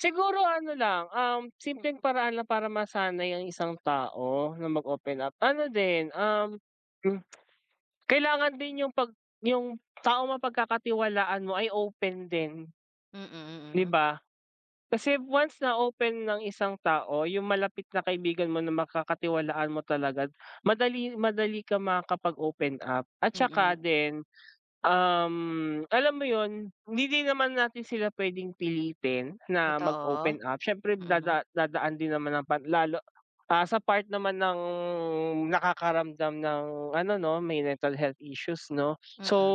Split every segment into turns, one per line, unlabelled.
Siguro ano lang, um, simpleng paraan lang para masanay ang isang tao na mag open up ano din, um, m Kailangan din 'yung 'pag 'yung taong mapagkakatiwalaan mo ay open din.
Mm, mm,
'Di
hmm.
ba? Kasi once na open ng isang tao 'yung malapit na kaibigan mo na makakatiwalaan mo talaga madali madali kang makakapag open up. At 'saka
Mm.
din, um, alam mo 'yun hindi din naman natin sila puwedeng pilitin na mag
Totoo,
open up, siyempre
mm.
dada dadaan din naman ang pag lalo, ah, sa part naman ng nakakaramdam ng ano 'no may mental health issues 'no so,
Mm.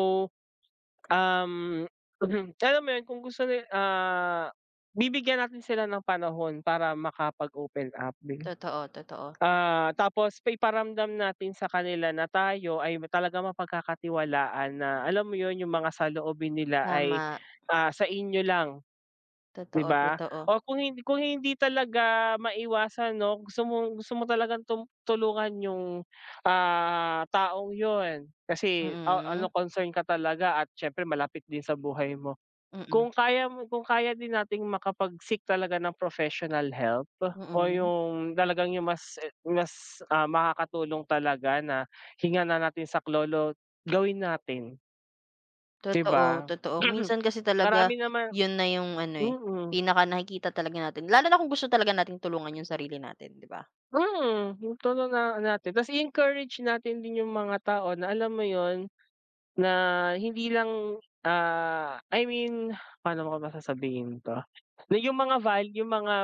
um, alam mo 'yun kung gusto ni ah, bibigyan natin sila ng panahon para makapag open up din.
Totoo, totoo.
Ah, tapos iparamdam natin sa kanila na tayo ay talagang mapagkakatiwalaan na alam mo 'yun 'yung mga saloobin nila ay,
Tama.
ah, sa inyo lang. 'Di
Totoo,
ba?
totoo.
O kung hin kung hindi talaga maiwasan 'no gusto mong, gusto mo talagang tum tulungan 'yung, ah, taong 'yun kasi a ano
Mm.
concern ka talaga at siyempre malapit din sa buhay mo.
Mm.
Kung kaya mo kung kaya din nating makapag seek talaga ng professional help o
Mm.
yung talagang yung mas, eh mas, ah, makakatulong talaga na hingan na natin saklolo gawin natin. 'Di
Totoo,
ba?
totoo. Minsan kasi talaga
Marami naman,
'yun na 'yung ano, eh,
mhm
pinaka nakikita talaga natin, lalo na kung gusto talaga natin tulungan yung sarili natin 'di ba?
Mm, yung ton na natin ta's i-encourage natin din yung mga tao na alam mo 'yun na hindi lang, ah, I mean pa'no ko ba sasabihin to? Na 'yung mga val yung mga,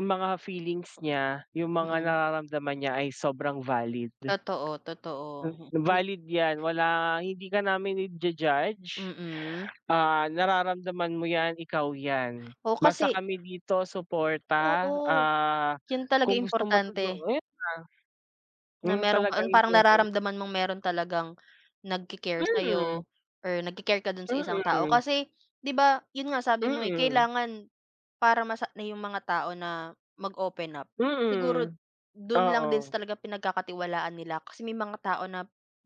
yung mga feelings niya, yung mga
Mm.
nararamdaman niya ay sobrang valid.
Totoo, totoo.
M
Mhm.
valid yan wala hindi ka namin i-ju-judge,
Mm.
ah, nararamdaman mo yan ikaw yan
O
basta
kasi
kami dito suporta,
Oo,
ah,
'yun talaga
kung gusto mo todo 'yun
importante
na.
na
Yun
mayro'n ka
talaga
ang
yung
parang
pinakaim
nararamdaman mong mayro'n talagang nag-ki-care
Mm.
sa'yo or nag-ki-care ka do'n sa isang tao
Mm.
kasi, 'di ba 'yun nga sabi mo, eh,
Mm.
kailangan para masa na 'yung mga tao na mag open up siguro
Mm,
do'n lang din
oo.
sa talagang pinagkakatiwalaan nila kasi may mga tao na,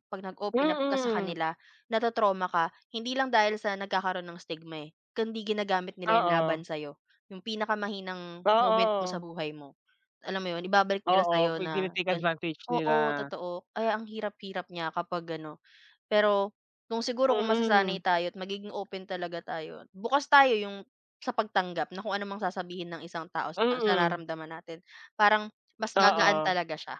'pag nag open up ka sa
Mm.
kanila na-to-trauma ka hindi lang dahil sa nagkakaroon ng stigma, eh, kung hindi ginagamit nila 'yun
Oo.
laban sa'yo yung pinakamahinang moment mo sa
Oo.
buhay mo. Alam mo 'yon ibabalik nila
Oo
sa'yo
'pag
na
tine-take
gan
advantage
oo,
nila.
totoo kaya ang hirap-hirap niya kapag ano. Pero kung siguro kung masasanay
Mm.
tayo at magiging open talaga tayo at bukas tayo yung sa pagtanggap na kung ano ang sasabihin ng isang tao sa sa
Mm.
nararamdaman natin parang mas gagaan
Oo.
talaga siya.